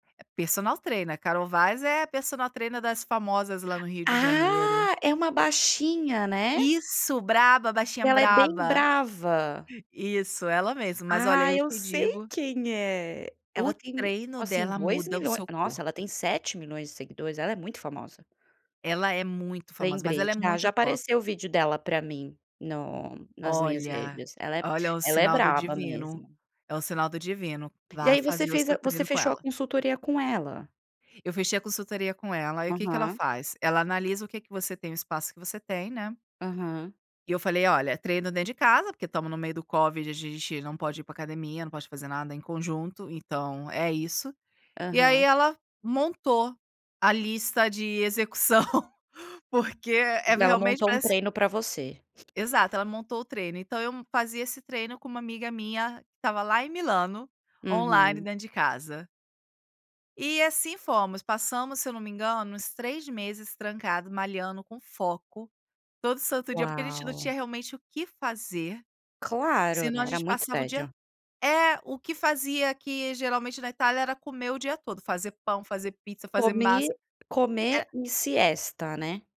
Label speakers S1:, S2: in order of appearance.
S1: Personal Trainer. A Carol Vaz é a Personal Trainer das famosas lá no Rio de Janeiro.
S2: Ah, é uma baixinha, né?
S1: Isso, braba, baixinha
S2: Ela é bem
S1: braba.
S2: brava.
S1: Isso, ela mesma. Mas, olha,
S2: Ah,
S1: eu
S2: eu
S1: te
S2: sei
S1: digo
S2: quem é.
S1: o
S2: Ela tem,
S1: treino
S2: assim,
S1: dela
S2: dois
S1: muda o
S2: milhões
S1: seu
S2: nossa ela
S1: corpo.
S2: tem 7.000.000 milhões de seguidores. Ela é muito famosa.
S1: Ela é muito famosa, mas
S2: Lembrei,
S1: ela é
S2: já
S1: muito
S2: já
S1: top.
S2: apareceu o vídeo dela para mim, no nas minhas
S1: Olha,
S2: redes. Ela é
S1: olha, é um
S2: ela é
S1: sinal do
S2: braba,
S1: divino,
S2: mesmo.
S1: é um sinal do divino.
S2: E
S1: Vá
S2: aí, você
S1: fazer o
S2: fez
S1: seu
S2: a você
S1: treino com
S2: fechou a
S1: ela.
S2: consultoria com ela?
S1: Eu fechei a consultoria com ela. Aí, o que que ela
S2: Aham.
S1: faz? Ela analisa o que que você tem, o espaço que você tem, né?
S2: Aham.
S1: E eu falei: "Olha, treino dentro de casa, porque estamos no meio do covid, a gente não pode ir para academia, não pode fazer nada em conjunto, então é isso. E aí,
S2: Aham.
S1: ela montou a lista de execução, porque é,
S2: Daí, ela
S1: realmente,
S2: montou um
S1: parece
S2: treino para você.
S1: Exato, ela montou o treino. Então eu fazia esse treino com uma amiga minha que estava lá em Milano, online,
S2: Uhum.
S1: dentro de casa. E assim fomos. Passamos, se eu não me engano, uns 3 meses trancado malhando com foco, todo santo dia, porque a gente não tinha,
S2: Uau.
S1: realmente, o que fazer.
S2: Claro,
S1: Senão
S2: né,
S1: a
S2: era
S1: gente
S2: muito
S1: passava o dia
S2: tédio.
S1: é, o que fazia aqui, geralmente, na Itália era comer o dia todo. Fazer pão, fazer pizza, fazer
S2: Comer
S1: massa.
S2: comer
S1: Era
S2: e siesta, né?